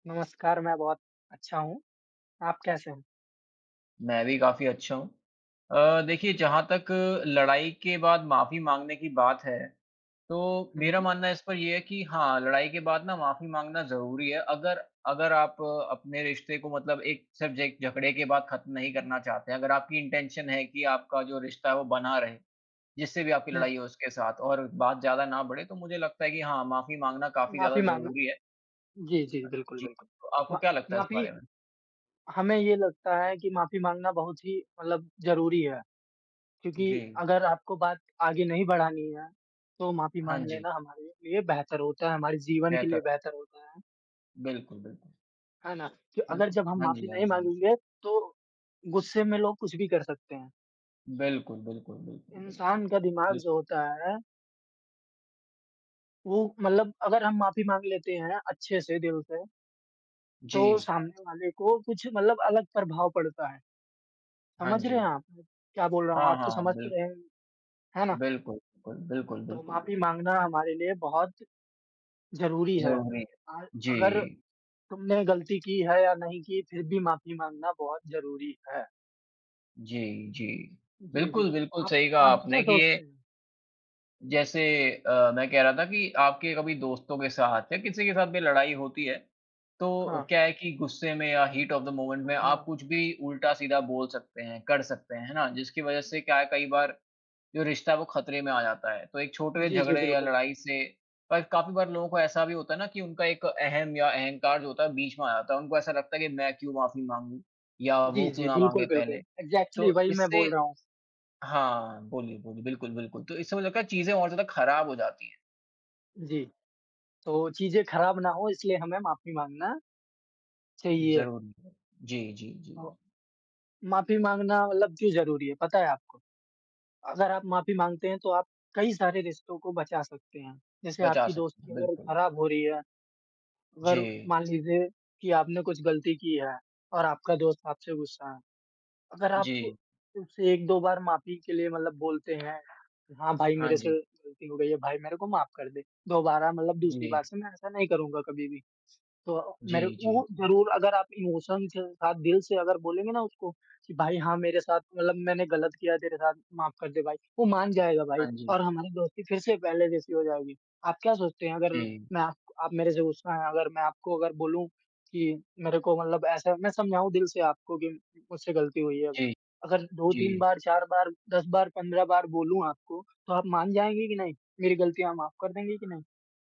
नमस्कार, मैं बहुत अच्छा हूँ। आप कैसे हो? मैं भी काफ़ी अच्छा हूँ। अ, देखिए जहाँ तक लड़ाई के बाद माफ़ी माँगने की बात है, तो मेरा हुँ। मानना इस पर ये है कि हाँ लड़ाई के बाद ना माफ़ी माँगना ज़रूरी है, अगर अगर आप अपने रिश्ते को मतलब एक सिर्फ़ ज एक झगड़े के बाद ख़त्म नहीं करना चाहते हैं। अगर आपकी इंटेंशन है कि आपका जो रिश्ता है वो बना रहे, जिससे भी आपकी हुँ। लड़ाई हो उसके साथ और बात ज़्यादा ना बढ़े, तो मुझे लगता है कि हाँ, माफ़ी माँगना काफ़ी ज़्यादा माफ़ी माँगना, ज़रूरी है। जी, जी अ, बिल्कुल, जी हाँ, बिल्कुल। तो आपको मा क्या लगता है इस माफ़ी बारे में? हमें ये लगता है कि माफ़ी माँगना बहुत ही मतलब ज़रूरी है, क्योंकि जी। अगर आपको बात आगे नहीं बढ़ानी हैं, तो माफ़ी हाँ माँग जी। लेना हमारे लिए बेहतर होता है, हमारे जीवन के बेहतर। लिए बेहतर होता है। बिल्कुल, बिल्कुल। है ना? कि अगर बिल्कुल, जब हम हाँ माफ़ी जी, हाँ नहीं जी, हाँ जी। माँगेंगे, तो गुस्से में लोग कुछ भी कर सकते हैं। बिल्कुल, बिल्कुल, बिल्कुल, बिल्कुल। इंसान का दिमाग बिल जो होता है वो मतलब अगर हम माफ़ी माँग लेते हैं, अच्छे से, दिल से तो जी। सामने वाले को कुछ मतलब अलग प्रभाव पड़ता है। हाँ समझ रहे हैं जी। आप? क्या बोल रहा हूँ, हाँ, आप तो हाँ, समझ तो बिल रहे हैं ही, है ना? बिल्कुल, बिल्कुल, बिल्कुल, तो बिल्कुल, बिल माफ़ी माँगना हमारे लिए बहुत, ज़रूरी है। ज़रूरी। अ, जी। अगर तुमने गलती की है या नहीं की, फिर भी माफ़ी माँगना बहुत ज़रूरी है। जी, जी। जी, जी, बिल्कुल, बिल्कुल आप सही कहा आप क्या आपने कि सोचते ये हैं? जैसे अ, मैं कह रहा था कि आपके कभी दोस्तों के साथ या किसी के साथ भी लड़ाई होती है, तो अ, हाँ। क्या है कि गुस्से में या हीट ऑफ़ द मोमेंट में आप हाँ। कुछ भी उल्टा-सीधा बोल सकते हैं, कर सकते हैं, है ना? जिसकी वज़ह से क्या है कई बार जो रिश्ता है वो ख़तरे में आ जाता है, तो एक छोट वे जी, जी, झगड़े या बिल्कुल। लड़ाई से पर काफ़ी बार लोगों को ऐसा भी होता है ना कि उनका एक अहम या अहंकार जो होता है बीच में आ जाता है, उनको ऐसा लगता है कि मैं क्यों माफ़ी माँगू या जी, वो जी, क्यों ना बिल्कुल, माँगे बिल्कुल। पहले? इग्ज़ैक्टली तो वही मैं इससे बोल रहा हूँ। हाँ, बोलिए, बोलिए, बिल्कुल, बिल्कुल तो इससे वो लगता है चीज़ें और ज़्यादा ख़राब हो जाती हैं। जी। तो चीज़ें ख़राब ना हो इसलिए हमें माफ़ी माँगना चाहिए। ज़रूरी है। जी, जी, जी। अ, माफ़ी माँगना मतलब क्यों ज़रूरी है, पता है आपको? अगर आप माफ़ी माँगते हैं तो आप कई सारे रिश्तों को बचा सकते हैं। जैसे बचा आपकी सकते दोस्ती हैं, अगर बिल्कुल। ख़राब हो रही है, अगर जी। मान लीजिए कि आपने कुछ गलती की है और आपका दोस्त आपसे गुस्सा है। अगर आप जी। उसे 1-2 बार माफ़ी के लिए मतलब बोलते हैं, कि हाँ भाई हाँ मेरे से जी। गलती हो गई है, भाई मेरे को माफ कर दे, दोबारा मतलब दूसरी जी। बार से मैं ऐसा नहीं करूँगा कभी भी। तो मेरे जी, जी, उ जी। ज़रूर अगर आप इमोशन के साथ दिल से अगर बोलेंगे ना उसको, कि भाई हाँ मेरे साथ मतलब मैंने गलत किया तेरे साथ, माफ कर दे भाई, वो मान जाएगा भाई हाँ जी। और हमारी दोस्ती फिर से पहले जैसी हो जाएगी। आप क्या सोचते हैं अगर जी। मैं आप आप मेरे से गुस्सा हैं, अगर मैं आपको अगर बोलूँ कि मेरे को मतलब ऐसे मैं समझाऊँ दिल से आपको कि मुझसे गलती हुई है, जी। अगर 2-3 जी। बार, 4 बार, 10 बार, 15 बार बोलूँ आपको, तो आप मान जाएँगे कि नहीं? मेरी गलतियाँ आप माफ कर देंगे कि नहीं?